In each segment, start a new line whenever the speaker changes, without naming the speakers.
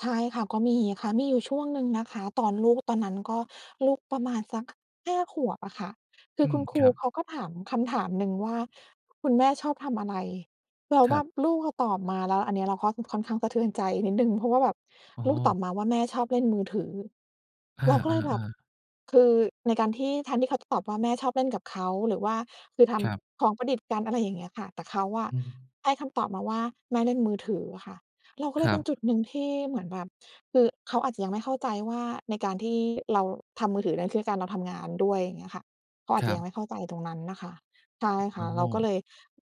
ใช่ค่ะ ก็มีค่ะ มีอยู่ช่วงหนึ่งนะคะ ตอนลูก ตอนนั้นก็ลูกประมาณสัก 5 ขวบอะค่ะ คื
อ
อ
ื
ค
ม
ุณค
ค
รู
รับ
เขาก็ถามคำถามหนึ่งว่า "คุณแม่ชอบทำอะไร" แล้ว
ค
แ
ร
บ
ับ
บลูกเราตอบมา แล้วอันนี้เราก็ค่อนข้างสะเทือนใจนิดหนึ่ง เพราะว่าแบบ
อ๋
ลูกต
อ
อบมาว่า "แม่ชอบเล่นมือถือ"
อ
เราก็เลยแบบ
า ๆ ๆ
คือในการที่ แทนที่เขาจะตอบว่าแม่ชอบเล่นกับเขา หรือว่าคือท
ครับ
ำของประดิษฐ์กัน อะไรอย่างเงี้ยค่ะ แต่เขาอะ
อืม
ให้คำตอบมาว่า แม่เล่นมือถืออะค่ะ เราก็เ
ค
ลย
ร
เ
ั
ป็
บ
นจุดหนึ่งที่เหมือนแบบ คือเขาอาจจะยังไม่เข้าใจว่า ในการที่เราทำมือถือนั้นคือในการเราทำงานด้วย อย่างเงี้ยค่ะ เขาอาจ
ค
จ
ร
ะ
ั
ยัง
บ
ไม่เข้าใจตรงนั้นน่ะค่ะ ใช่ค
อ
่
๋
ะ เราก็
อ
เลย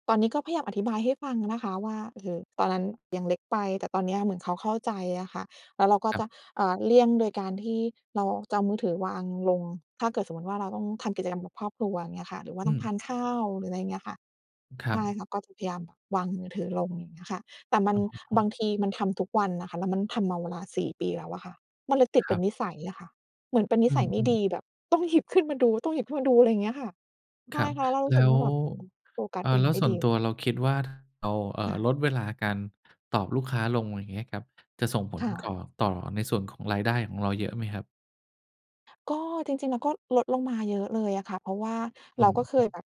ตอนนี้ก็พยายามอธิบายให้ฟังนะคะว่า เออ ตอนนั้นยังเล็กไป แต่ตอนนี้เหมือนเขาเข้าใจอะค่ะ แล้วเราก็
ครั
จ
บ
ะ เออ เลี่ยงโดยการที่เราจะเอามือถือวางลง ถ้าเกิดสมมุติว่าเราต้องทำกิจกรรมกับครอบครัว อย่างเงี้ยอะค่ะ หรือว่า
อ
ต้อ
ื
งท
ม
านข้าว หรืออะไรอย่างเงี้ยอะค่ะ
คร
ใ
ั
ช่
บ
ค่ะ ก็จะพยายามวางมือถือลง อย่างเงี้ยอะค่ะ แต่มั
อ
น
๋
บา
อ
งทีมันทำทุกวันอะค่ะ แล้วมันทำมาเวลา 4 ปีแล้วอะค่ะ มันเลยติด
ค
เป
ร
็
ั
น
บ
นิสัยอะค่ะ เหมือนเป็นนิ
อื
สัยไม่
ม
ด
ๆ
ี แบบต้องหยิบขึ้นมาดู ต้องหยิบขึ้นมาดู อะไรอย่างเงี้ยอะค่ะ ใช
คร
่
ับ
ค่ะ แล้วเรารู
แ
้
ล
สึ
้
กว
ว
่าแบบ อืม โฟกั
เ
ส
ออ
อื
แ
่
ล
น
้ว
ไม่
ส่ว
ด
น
ี
ตั
เล
วเร
ย
าคิดว่า เรา เอ
ค
อ
่ะ
ลดเวลาการตอบลูกค้าลง อย่างเงี้ยครับ จะส่งผ
ค
ล
่
ก
ะ
่อ ต่อในส่วนของรายได้ของเราเยอะไหมครับ?
ก็จริง ๆ เราก็ลดลงมาเยอะเลยอะค่ะ เพราะว่า
อ
เ
ื
รา
อ
ก็เค
ฮ
ย
ึ
แบบ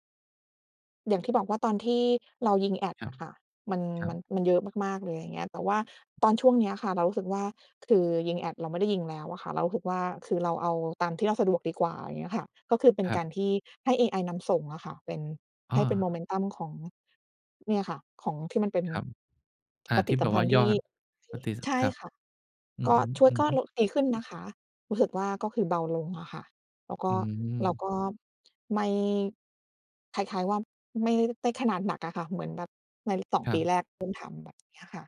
อย่างที่บอกว่าตอนที่เรายิงแอด
ครั
อ
บ
ะค่ะ มัน
ครั
มั
บ
น มันเยอะมาก ๆ เลย อะไรอย่างเงี้ย แต่ว่าตอนช่วงนี้อะค่ะ เรารู้สึกว่า คือยิงแอดเราไม่ได้ยิงแล้วอะค่ะ เรารู้สึกว่า คือเราเอาตามที่เราสะดวกดีกว่า อย่างเงี้ยอะค่ะ ก็คือ เป็น
คร
กา
ับ
รที่ให้เอไอนำส่งอะค่ะ เป็น
อ
ให้เป็น โม
า
เมนตัม ของ เนี่ยค่ะ ของที่มันเป็น
ครับ อา
ป
ท
ฏ
ี
ิ
่แ
สั
บ
ม
บ
พ
ว
ั
่า
นธ์
ย
ที
อ
่
ดปฏิสั
ใช
ม
่
ครับ
ค่ะ
อื
ก็
อฮึ
ช่วย ก็โล
ๆ
ะ ดีขึ้นนะคะ รู้สึกว่า ก็คือเบาลงอะค่ะ แล้วก็
อื
เรา
อ
ก็ ไม่ คล้าย ๆ ว่า ไม่ได้ขนาดหนักอะค่ะ เหมือนแบบใน 2
ครั
ปี
บ
แรกเริ่มทำแบบนี้อะค่ะ